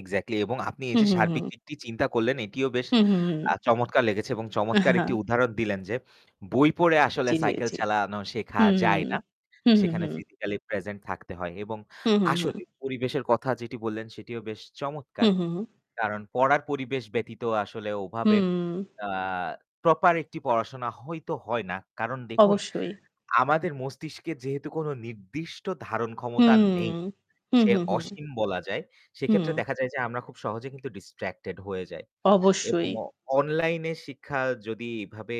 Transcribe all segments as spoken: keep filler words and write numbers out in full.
Exactly এবং আপনি এই হুম, যে হুম, সার্বিক হুম। দিকটি চিন্তা করলেন, এটিও বেশ হুম, হুম, হুম। আ চমৎকার লেগেছে এবং আহ চমৎকার একটি হা। উদাহরণ দিলেন যে, বই পড়ে আসলে জি, জি, সাইকেল জি। চালানো শেখা হুম, হুম। যায় না। হুম, হুম, সেখানে হুম। ফিজিক্যালি প্রেজেন্ট থাকতে হয় এবং হুম, হুম, হুম। আসলেই, পরিবেশের কথা যেটি বললেন, সেটিও বেশ চমৎকার। হুম, হু। কারণ পড়ার পরিবেশ ব্যতীত আসলে ওভাবে হুম। আ প্রপার একটি পড়াশোনা হইতো হয় না। কারণ দেখুন, অবশ্যই। আমাদের মস্তিষ্কে যেহেতু কোনো নির্দিষ্ট ধারণ ক্ষমতা হুম। নেই, হুম, সে হুম, হুম। অসীম বলা যায়। সেক্ষেত্রে হুম। দেখা যায় যে আমরা খুব সহজে কিন্তু ডিস্ট্রাক্টেড হয়ে যাই এবং অবশ্যই। অ অনলাইনে শিক্ষা যদি এভাবে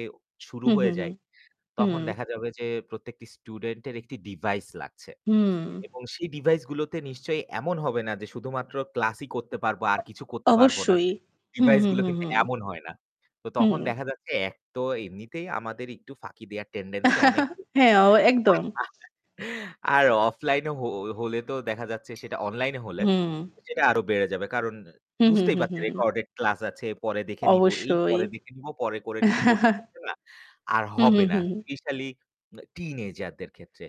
শুরু হুম, হয়ে হুম, হুম। যায়, তখন হুম। দেখা যাবে যে প্রত্যেকটি স্টুডেন্টের একটি ডিভাইস লাগছে। হুম। এবং সেই ডিভাইসগুলোতে নিশ্চয়ই এমন হবে না যে শুধুমাত্র ক্লাসই করতে পারব আর কিছু করতে পারব না। অবশ্যই। হুম, হুম, ডিভাইসগুলো হুম, কিন্তু হুম। এমন হয় না। তো তখন হুম। দেখা যাচ্ছে এক তো এমনিতেই আমাদের একটু ফাঁকি দেয়ার টেন্ডেন্সি অনেক বেশী হ্যাঁ, অ একদম। [unintelligible] আর অফলাইনে হ হলে তো দেখা যাচ্ছে সেটা অনলাইনে হলে, হুম। সেটা আরও বেড়ে যাবে। কারণ হুম, হুম, বুঝতেই হুম, পারছেন হুম। রেকর্ডেড ক্লাস আছে, পরে দেখে নিব। এই অবশ্যই। পরে দেখে নিব, পরে করে নিব করতে, করতে না, আর হুম, হবে হুম, না, হুম। স্পেশালি আ টিনেজারদের ক্ষেত্রে।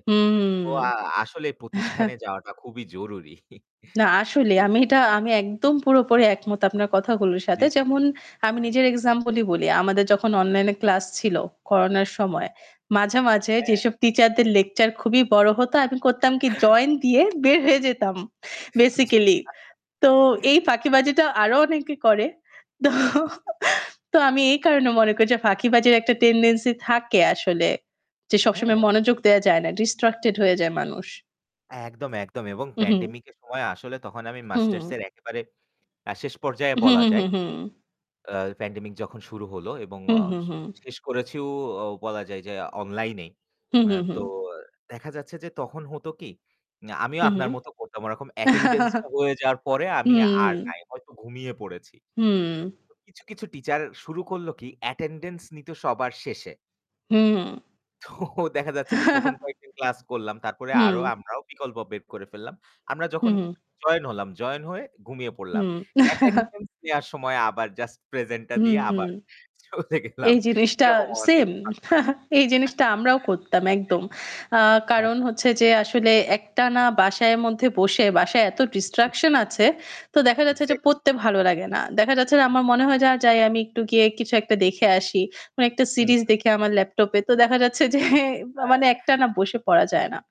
তো আ হুম। আসলেই প্রতিষ্ঠানে যাওয়াটা খুবই জরুরি। না, আসলেই। জি, আমি জি। এটা আমি একদম পুরোপুরি একমত আপনার কথাগুলোর জি, সাথে। জি। যেমন, আমি নিজের এক্সাম্পলই বলি। আমাদের যখন অনলাইনে ফ্লাস ছিল করোনার সময়, মাঝে, মাঝে হ্যাঁ। যেসব টিচারদের লেকচার খুবই বড় হতো, আমি করতাম কী, জয়েন দিয়ে বের হয়ে যেতাম জি, আচ্ছা। বেসিক্যালি। তো এই ফাঁকিবাজিটাও আরও অনেকে করে। তো, [unintelligible] তো আমি এই কারণে মনে করি যে ফাঁকিবাজির একটা টেন্ডেন্সি থাকে আসলে, যে সবসময় হ্যাঁ। মনোযোগ দেয়া যায় না, ডিস্ট্রাক্টেড হয়ে যায় মানুষ। একদম, একদম এবং উহু। প্যানডেমিকের সময়ে আসলে তখন আমি হুম। মাস্টার্সের একেবারে আ শেষ পর্যায়ে হুম, বলা হুম, যায়। হুম, হুম। আ প্যানডেমিক যখন শুরু হলো এবং হুহ, আ হু, শে হুম। শেষ করেছিও অ বলা যায় যে অনলাইনেই। হু, অ্যা হু, তো হুম। অ্যা দেখা যাচ্ছে যে তখন হতো কী, উম আমিও হু, আপনার হুম। মতো করতাম। ওরকম অ্যাটেন্ডেন্সটা হয়ে যাওয়ার পরে আমি আর হুম। নাই। হয়তো ঘুমিয়ে পড়েছি। হুম। তো কিছু, কিছু টিচার শুরু করলো কী, অ্যাটেন্ডেন্স নিতো সবার শেষে। হুম। তো দেখা যাচ্ছে যে প্রথম কয়েকদিন ক্লাস করলাম। তারপরে আরও হুম। আমরাও বিকল্প বের করে ফেললাম। আমরা হু, যখন হু। জয়েন হলাম, জয়েন হয়ে ঘুমিয়ে পড়লাম। হুম। অ্যাটেন্ডেন্স নেয়ার সময়ে আবার জাস্ট প্রেজেন্টটা দিয়ে হুম। আবার চলে গেলাম। এই জিনিসটা এরকম অনেক সেম। এই [unintelligible] জি। হ্যাঁ, জিনিসটা আমরাও করতাম, একদম। অ্যা হ্যাঁ। কারণ হচ্ছে যে আসলে একটানা বাসায় মধ্যে বসে, বাসায় এত জি, জি। ডিস্ট্রাকশন আছে। তো দেখা যাচ্ছে যে একজ্যাক্টলি। পড়তে ভালো লাগে না। দেখা যাচ্ছে যে আমার মনে হয় যা যাই আমি একটু গিয়ে কিছু একটা দেখে আসি। কোনো একটা হুম, সিরিজ হু। দেখি আমার ল্যাপটপে। তো দেখা যাচ্ছে যে মা মানে হ্যাঁ। একটানা বসে পড়া যায় না।